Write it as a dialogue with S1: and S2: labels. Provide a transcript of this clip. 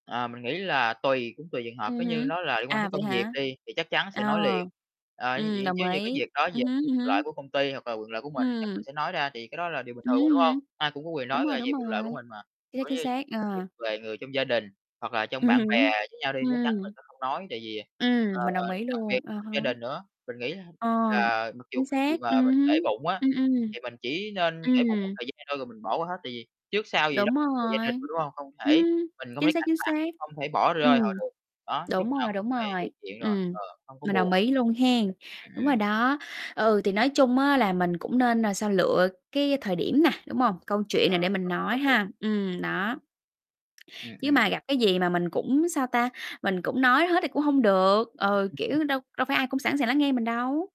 S1: Ờ, mình nghĩ là tùy cũng tùy trường hợp.
S2: Ừm
S1: Nếu như
S2: hứm.
S1: nó là liên quan
S2: À,
S1: đến
S2: vậy
S1: công việc
S2: hả?
S1: đi, thì chắc chắn sẽ
S2: Ờ.
S1: nói liền, ờ, như d
S2: Ừm, đồng
S1: giống như cái
S2: ý,
S1: việc nói về
S2: Ừm hứm, ừm
S1: quyền lợi
S2: hứm.
S1: của công ty hoặc là quyền lợi của
S2: Ừm.
S1: mình, chắc mình sẽ nói ra thì cái đó là điều bình
S2: Ừm
S1: thường mà,
S2: hứm,
S1: đúng
S2: ừm
S1: hông?
S2: hứm.
S1: Ai cũng có quyền
S2: Đúng
S1: nói
S2: rồi,
S1: về về
S2: đúng
S1: quyền lợi của
S2: rồi.
S1: mình mà
S2: Chính xác,
S1: giống
S2: chính
S1: như việc
S2: xác,
S1: việc
S2: ờ.
S1: về người trong gia đình hoặc là trong
S2: Ừm
S1: bạn
S2: hứm,
S1: bè với nhau đi, chắc chắn mình
S2: ừm.
S1: sẽ không nói. Tại vì,
S2: Ừm,
S1: ờ,
S2: mình đồng ý
S1: đặc biệt
S2: luôn, à há.
S1: gia đình nữa, mình nghĩ la
S2: Ờ,
S1: là mặc dù
S2: chính
S1: cái gì
S2: xác,
S1: mà
S2: ừm
S1: mình
S2: hứm,
S1: để bụng á,
S2: ừm, ừm.
S1: thì mình chỉ nên để bụng một
S2: Ừm.
S1: thời gian thôi rồi mình bỏ qua hết, tại vì trước sau gì đó
S2: Đúng
S1: gia đình
S2: rồi.
S1: mà, đúng hông? Hông thể
S2: Ừm,
S1: mình không
S2: chính
S1: có
S2: xác,
S1: cạch
S2: chính xác,
S1: mặt, không thể bỏ rơi
S2: ừm.
S1: họ được. Đó, lúc
S2: Đúng
S1: nào
S2: rồi,
S1: cũng
S2: đúng
S1: phải về
S2: rồi,
S1: chuyện rồi,
S2: ừm,
S1: ờ, hông có
S2: mình đồng
S1: buồn.
S2: ý luôn hén.
S1: Ừm,
S2: Đúng rồi
S1: ừm.
S2: đó. Ừ, thì nói chung á là mình cũng nên là sao? Lựa cái thời điểm nè, đúng hông? Câu chuyện
S1: À,
S2: nè để mình
S1: à,
S2: nói
S1: đồng ý.
S2: ha. Ừm, đó.
S1: Ừm,
S2: Chứ
S1: ừm.
S2: mà gặp cái gì mà mình cũng, sao ta, mình cũng nói hết thì cũng hông được. Ờ, kiểu, đâu đâu phải ai cũng sẵn sàng lắng nghe mình đâu.